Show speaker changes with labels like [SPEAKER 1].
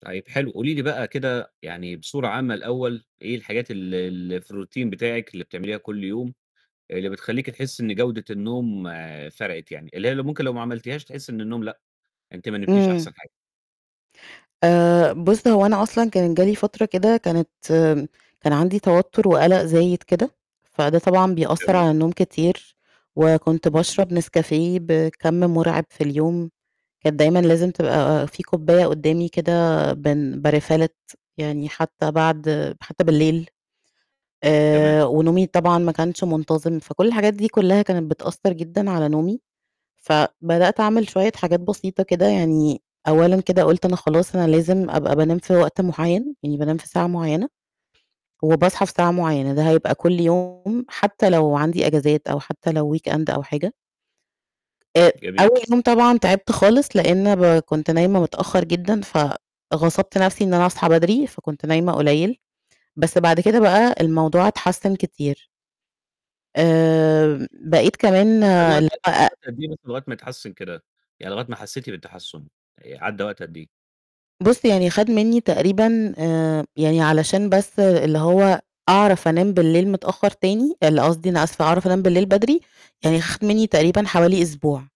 [SPEAKER 1] طيب حلو، قولي لي بقى كده يعني بصورة عامة الأول، إيه الحاجات ال ال اللي في الRoutine بتاعِك اللي بتعمليها كُلّ يوم، اللي بتخلّيكِ تحسي إن جودة النوم فرقت يعني، اللي هي ممكن لو ما عملتيهاش تحسي إن النوم، لأ، أنتِ ما نمتيش
[SPEAKER 2] امم.
[SPEAKER 1] أحسن حاجة؟
[SPEAKER 2] آآ، بُص هو أنا أصلًا كان جه لي فترة كده كانت كان عَندي توتر وقلق زايد كده، فده طبعًا بيأثّر
[SPEAKER 1] تمام.
[SPEAKER 2] على النوم كتير، وكنت
[SPEAKER 1] اهم.
[SPEAKER 2] باشرب نسكافيه بكَّم مرعب في اليوم، كانت دايمًا لازم تبقى في كوباية قدّامي كده بن باRefill it يعني حتى بعد حتى بالليل.
[SPEAKER 1] تمام.
[SPEAKER 2] آآ ونومي طبعًا ما كانش منتظم، فكُلّ الحاجات دي كُلّها كانت بتأثّر جدًا على نومي. فبدأت أعمل شوية حاجات بسيطة كده يعني، أولًا كده قُلت أنا خلاص أنا لازم أبقى بانام في وقت معيّن يعني بانام في ساعة معيّنة وباصحى في ساعة معيّنة، ده هيبقى كُلّ يوم حتى لو عَندي إجازات أو حتى لو weekend أو حاجة. أ
[SPEAKER 1] جميل.
[SPEAKER 2] أول يوم طبعًا تعبت خالص لأن ب كنت نايمة متأخر جدًا، فغصبت نَفْسي إن أنا أصحى بدري فكنت نايمة قليل بس بعد كده بقى الموضوع اتحسن كتير. آآ، بقيت كمان
[SPEAKER 1] خد وقت
[SPEAKER 2] لأ
[SPEAKER 1] خد
[SPEAKER 2] أ
[SPEAKER 1] وقت قد إيه بس لغاية ما اتحسن كده، يعني لغاية ما حسيتِ بالتحسن عَدّى وقت قد إيه؟
[SPEAKER 2] بُص يعني خد مني تقريبًا آآ، يعني علشان بس اللي هو أعرف أنام بالليل متأخر تاني اللي قصدي، أنا أسفة، أعرف أنام بالليل بدري يعني خد مني تقريبًا حوالي أسبوع.